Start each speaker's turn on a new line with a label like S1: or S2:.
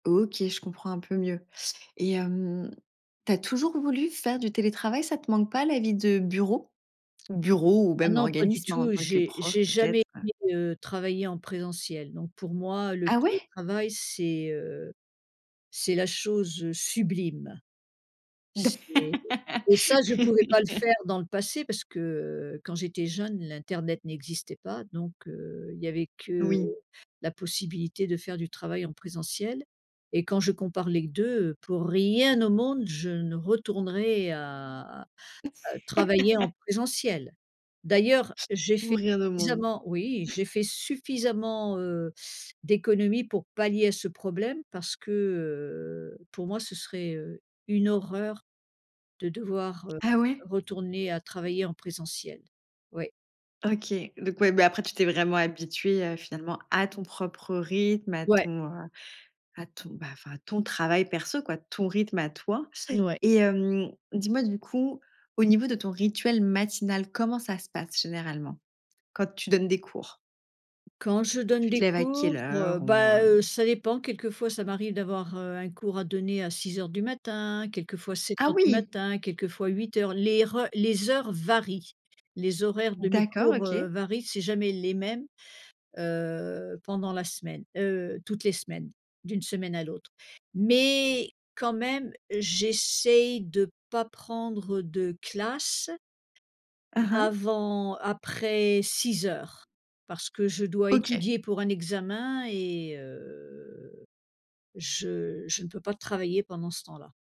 S1: OK, je comprends un peu mieux, et hem, tu as toujours voulu faire du télétravail. Ça te manque pas, la vie de bureau? Bureau, ou
S2: Ah
S1: même
S2: non pas du
S1: organisme, en
S2: tout,
S1: tant que
S2: j'ai
S1: prof
S2: j'ai jamais
S1: peut-être, heu?
S2: été, heu, travailler en présentiel non. Pour moi le
S1: Ah ouais?
S2: télétravail c'est, heu, c'est la chose, heu, sublime!
S1: D'a
S2: C'est et ça je pouvais pas le faire dans le passé parce que, heu, quand j'étais jeune, l'internet n'existait pas donc heu, il y avait que
S1: Oui.
S2: la possibilité de faire du travail en présentiel et quand je compare les 2, heu, pour rien au monde, je ne retournerai à à travailler en présentiel! D'ailleurs j'ai fait
S1: Pour rien au monde.
S2: suffisamment oui j'ai fait suffisamment, heu, d'économies pour pallier à ce problème parce que, heu, pour moi ce serait, heu, une horreur de devoir, heu,
S1: Ah ouais?
S2: retourner à travailler en présentiel. Oui.
S1: OK, donc ouais. Bah, après, tu t'es vraiment habituée, heu, finalement, à ton propre rythme, à
S2: Ouais.
S1: ton, heu, à ton bah enfin, à ton travail perso, quoi. Ton rythme à toi,
S2: N ouais.
S1: et hem, dis-moi, du coup, au niveau de ton rituel matinal, comment ça se passe généralement? Quand tu donnes des cours?
S2: Quand je donne
S1: Tu te
S2: des
S1: lèves à quelle
S2: cours, heu,
S1: heure, ou
S2: bah
S1: heu?
S2: heu, ça dépend. Quelquefois ça m'arrive d'avoir, heu, un cours à donner à 6:00 du matin, quelquefois sept
S1: Ah
S2: heures du
S1: oui!
S2: matin, quelquefois 8:00. Les reu les heures varient. Les horaires de mes
S1: D'accord,
S2: cours, heu,
S1: OK.
S2: varient, c'est jamais les mêmes, heu pendant la semaine, heu, toutes les semaines d'une semaine à l'autre, mais quand même, j'essaye de pas prendre de classe
S1: Mmh mh.
S2: avant après 18:00, parce que je dois
S1: OK.
S2: étudier pour un examen et heu, je je ne peux pas travailler pendant ce temps-là.